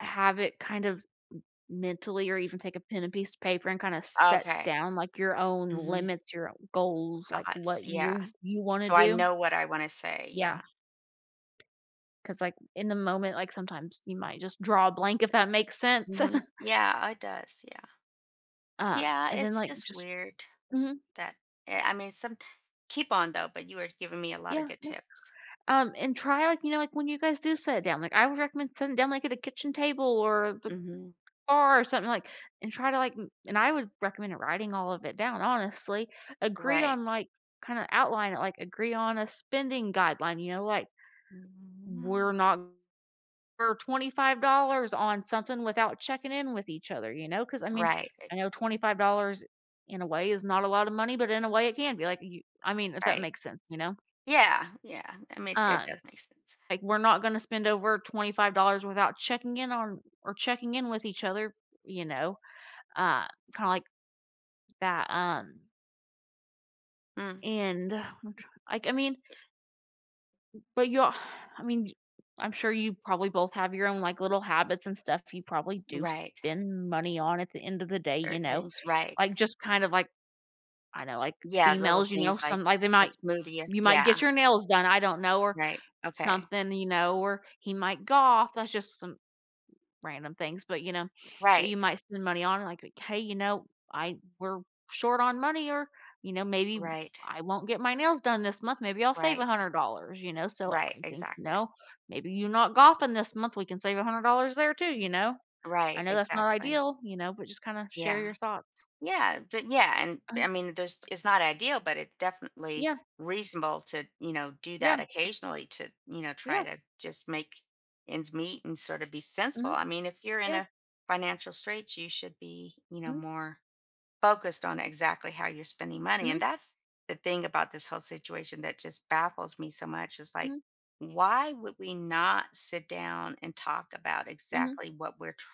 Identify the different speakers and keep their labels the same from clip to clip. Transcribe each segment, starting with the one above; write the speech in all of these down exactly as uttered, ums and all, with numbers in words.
Speaker 1: Have it, kind of m mentally or even take a pen, and piece of paper, and kinda set
Speaker 2: Okay.
Speaker 1: down, like, your own
Speaker 2: Mhm.
Speaker 1: limits, your goals, like,
Speaker 2: Thoughts
Speaker 1: what
Speaker 2: yeah,
Speaker 1: you
Speaker 2: s
Speaker 1: you wanna
Speaker 2: so I
Speaker 1: do.
Speaker 2: know what I wanna say,
Speaker 1: Yeah.
Speaker 2: yeah.
Speaker 1: 'Cause, like, in the moment, like, sometimes you might just draw a blank, if that makes sense.
Speaker 2: Mhm yeah, it does, yeah.
Speaker 1: Uh,
Speaker 2: Yeah,
Speaker 1: and then,
Speaker 2: it's
Speaker 1: like,
Speaker 2: just
Speaker 1: just
Speaker 2: weird,
Speaker 1: mhm.
Speaker 2: that eh, I mean, somet keep on, though, but you were giving me a lotta
Speaker 1: Yeah,
Speaker 2: good
Speaker 1: yeah.
Speaker 2: tips.
Speaker 1: Um, and try, like, you know, like, when you guys do sit down, like, I would recommend sitting down, like, at a kitchen table or the
Speaker 2: Mhm.
Speaker 1: bar or something, like and try to, like m and, I would recommend writing all of it down, honestly. Agree
Speaker 2: Right.
Speaker 1: on, like kinda outline it, like, agree on a spending guideline, you know, like, "We're not [unintelligible] for twenty five dollars on something without checking in with each other," you know? 'Cause, I mean,
Speaker 2: Right, i
Speaker 1: I know twenty five dollars, in a way, is not a lotta money, but in a way, it can be, like, y I mean, if that
Speaker 2: Right.
Speaker 1: makes sense, you know?
Speaker 2: Yeah, yeah, that mak that
Speaker 1: Um,
Speaker 2: does make sense.
Speaker 1: like, "We're not gonna spend over twenty five dollars without checking in on or checking in with each other," you know? Uh, kinda like that, um
Speaker 2: Mm.
Speaker 1: And what I'm trying like, I mean But you I mean, y I'm sure you probably both have your own, like, little habits and stuff you probably do
Speaker 2: Right.
Speaker 1: spend money on, at the end of the day, you
Speaker 2: Certain
Speaker 1: know?
Speaker 2: things, right.
Speaker 1: Like, just kind of, like I know, like,
Speaker 2: Yeah, little
Speaker 1: females, you know,
Speaker 2: things like
Speaker 1: some like, they
Speaker 2: a
Speaker 1: might
Speaker 2: smoothie, a
Speaker 1: you might get
Speaker 2: yeah.
Speaker 1: your nails done, I don't know, or
Speaker 2: Right, okay.
Speaker 1: something, you know? Or he might golf, that's just some random things, but, you know, that you
Speaker 2: Right.
Speaker 1: might spend money on, and like, "''Kay," you know, "I we're short on money," or, you know, "Maybe
Speaker 2: Right.
Speaker 1: I won't get my nails done this month, maybe I'll save a
Speaker 2: Right.
Speaker 1: hundred dollars," you know? So,
Speaker 2: Right,
Speaker 1: I think, you
Speaker 2: exactly.
Speaker 1: know, "Maybe you're not golfing this month, we can save a hundred dollars there, too." You know? I
Speaker 2: Right,
Speaker 1: know that's not
Speaker 2: exactly.
Speaker 1: ideal, you know? But just, kinda share
Speaker 2: Yeah,
Speaker 1: your thoughts.
Speaker 2: yeah, but yeah, and,
Speaker 1: Um
Speaker 2: I mean, there's it's not ideal, but it definitely
Speaker 1: Yeah.
Speaker 2: reasonable to, you know, do
Speaker 1: Yeah.
Speaker 2: that occasionally to, you know,
Speaker 1: Yeah.
Speaker 2: try to just make ends meet and sorta be sensible.
Speaker 1: Mhm.
Speaker 2: I mean if you're in
Speaker 1: Yeah.
Speaker 2: a financial straits you should be, you know,
Speaker 1: Mhm.
Speaker 2: more focused on exactly how you're spending money
Speaker 1: Mhm.
Speaker 2: and that's the thing about this whole situation that just baffles me so much, is like,
Speaker 1: Mhm.
Speaker 2: "Why would we not sit down and talk about
Speaker 1: Mhm.
Speaker 2: exactly what we're tr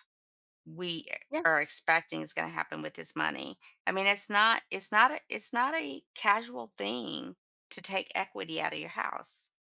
Speaker 2: we
Speaker 1: Yeah.
Speaker 2: are expecting is gonna happen with this money?" I mean, it's not it's not a it's not a casual thing to take equity out of your house.